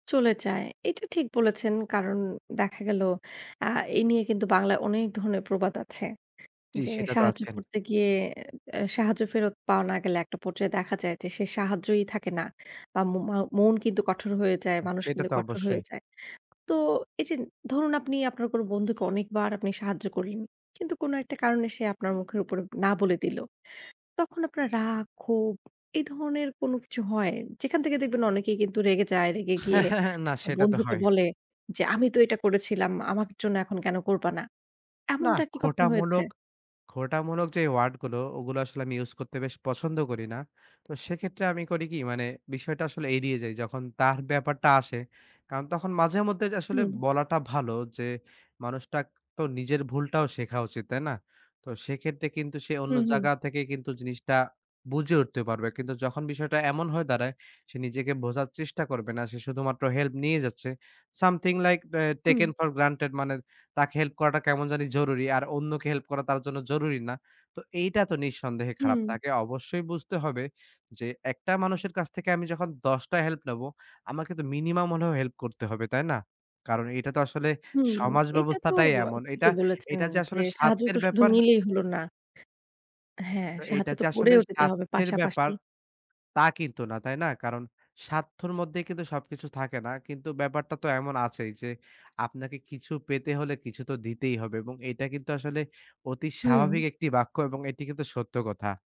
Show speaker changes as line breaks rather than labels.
চলে যায়। এটা ঠিক বলেছেন। কারণ দেখা গেল, আ এ নিয়ে কিন্তু বাংলায় অনেক ধরনের প্রবাদ আছে।
জি,
যে,
সেটা তো
সাহায্য
আছেন।
করতে গিয়ে এ সাহায্য ফেরত পাওয়া না গেলে একটা পর্যায়ে দেখা যায় যে, সে সাহায্যই থাকে না। বা মো মাও মন কিন্তু কঠোর হয়ে যায়। মানুষ
সেটা
কিন্তু
তো
কঠোর হয়ে
অবশ্যই।
যায়। তো, এই যে ধরুন আপনি আপনার কোন বন্ধুকে অনেকবার আপনি সাহায্য করলেন। কিন্তু কোন একটা কারণে সে আপনার মুখের উপর না বলে দিল। তখন আপনার রাগ, ক্ষোভ এই ধরনের কোনো কিছু হয়? যেখান থেকে দেখবেন অনেকেই কিন্তু রেগে যায়। রেগে গিয়ে
না, সেটা তো
বন্ধুকে
হয়।
বলে, "যে আমি তো এটা করেছিলাম, আমার জন্য এখন কেন করবা না?"
নাহ,
এমনটা কি কখন
খোঁটা
হয়েছে?
মূলক খোটা মূলক যে ওয়ার্ড গুলো ওগুলো আসলে আমি ইউজ করতে বেশ পছন্দ করি না। তো সেক্ষেত্রে আমি করি কি? মানে বিষয়টা আসলে এড়িয়ে যাই। যখন তার ব্যাপারটা আসে। কারণ তখন মাঝে মধ্যে আসলে
হু।
বলাটা ভালো। যে, মানুষটাক তো নিজের ভুলটাও শেখা উচিত। তাই না? তো সেক্ষেত্রে কিন্তু সে
হু,
অন্য
হু।
জাগা থেকে কিন্তু জিনিসটা বুঝে উঠতে পারবে। কিন্তু যখন বিষয়টা এমন হয়ে দাঁড়ায়, সে নিজেকে বোঝার চেষ্টা করবে না। সে শুধুমাত্র হেল্প নিয়ে যাচ্ছে। Something like a taken
hmm.
For granted. মানে তাকে হেল্প করাটা কেমন জানি জরুরি আর অন্যকে হেল্প করা তার জন্য জরুরি না। তো এইটা তো নিঃসন্দেহে খারাপ।
হম।
তাকে অবশ্যই বুঝতে হবে যে, একটা মানুষের কাছ থেকে আমি যখন ১০ টা হেল্প নেব। আমাকে তো মিনিমাম হলেও হেল্প করতে হবে, তাই না? কারণ, এটা তো আসলে
হুম,
সমাজ
এইটা তো
ব্যবস্থাটাই
আ
এমন। এটা,
ঠিকই বলেছেন
এটা, যে
যে,
আসলে
সাহায্য
স্বার্থের
তো শুধু
ব্যাপার
নিলেই হল না হ্যাঁ,
তো,
সাহায্য
এইটা
তো
যে আসলে
করেও যেতে হবে
স্বার্থের ব্যাপার
পাশাপাশি।
তা কিন্তু না, তাই না? কারণ স্বার্থর মধ্যে কিন্তু সবকিছু থাকে না। কিন্তু ব্যাপারটা তো এমন আছেই। যে আপনাকে কিছু পেতে হলে কিছু তো দিতেই হবে। এবং এটা কিন্তু আসলে অতি স্বাভাবিক
হু।
একটি বাক্য এবং এটি কিন্তু সত্য কথা।